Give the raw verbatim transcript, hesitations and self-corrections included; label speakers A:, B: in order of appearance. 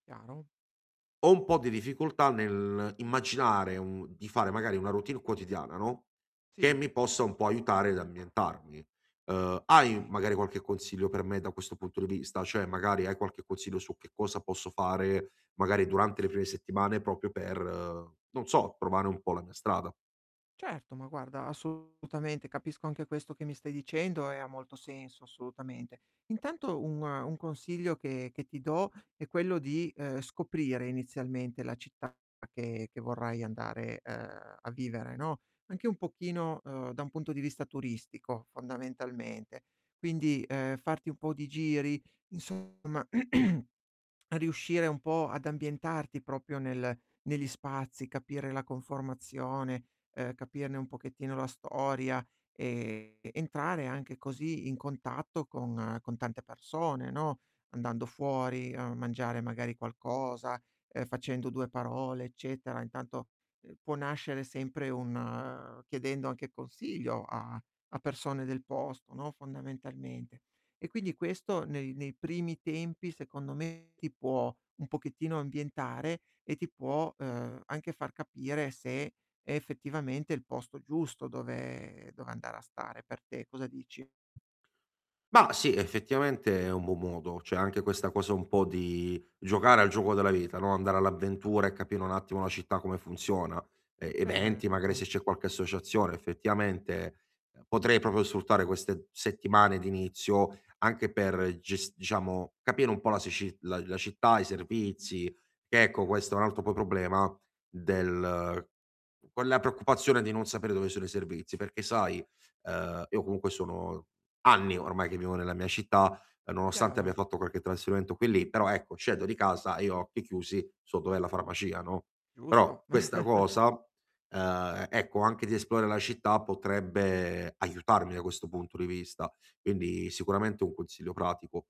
A: Chiaro.
B: Ho un po' di difficoltà nell'immaginare un di fare magari una routine quotidiana, no, che
A: Sì.
B: mi possa un po' aiutare ad ambientarmi. Ehm, hai
A: kay.
B: magari qualche consiglio per me da questo punto di vista? ceh, magari hai qualche consiglio su che cosa posso fare magari durante le prime settimane propio, per, non so, trovare un po' la mia strada?
A: Certo, ma guarda, assolutamente, capisco anche questo che mi stai dicendo e ha molto senso, assolutamente. Intanto un un consiglio che che ti do è quello di, ehm, scoprire inizialmente la città che che vorrai andare, ehm, a vivere, no. Anche un pochino, ehm, da un punto di vista turistico, fondamentalmente. Quindi, ehm, farti un po' di giri, insomma, riuscire un po' ad ambientarti propio, nel negli spazi, capire la conformazione, ehm, capirne un pochettino la storia ed entrare anche così in contatto con con tante persone, no. Andando fuori a mangiare magari qualcosa, ehm, facendo due parole eccetera. Intanto può nascere sempre un chiedendo anche consiglio a a persone del posto, no, fondamentalmente. E quindi questo nei, nei primi tempi secondo me ti può un pochettino ambientare e ti può, ehm, anche far capire se è effettivamente il posto giusto dove dove andare a stare per te. Cosa dici?
B: Bah sì, effettivamente è un buon modo. Cioè, anche questa cosa un po' di giocare al gioco della vita, no, andare all'avventura e capire un attimo la città come funziona. E eventi, magari
A: Certo.
B: se c'è qualche associazione, effettivamente, ehm, potrei proprio sfruttare queste settimane di inizio anche per gest diciamo capire un po' la sici la la città, i servizi. Che ecco, questo è un altro po problema del con la preoccupazione di non sapere dove sono i servizi, perché sai, ehm, io comunque sono anni ormai che vivo nella mia città, nonostante abbia
A: Chiaro.
B: fatto qualche trasferimento qui e lì, però ecco, scendo di casa e io a occhi chiusi so dov'è la farmacia, no.
A: Giusto.
B: Però questa cosa ehm, ecco anche di esplorare la città potrebbe aiutarmi da questo punto di vista. Quindi sicuramente un consiglio pratico.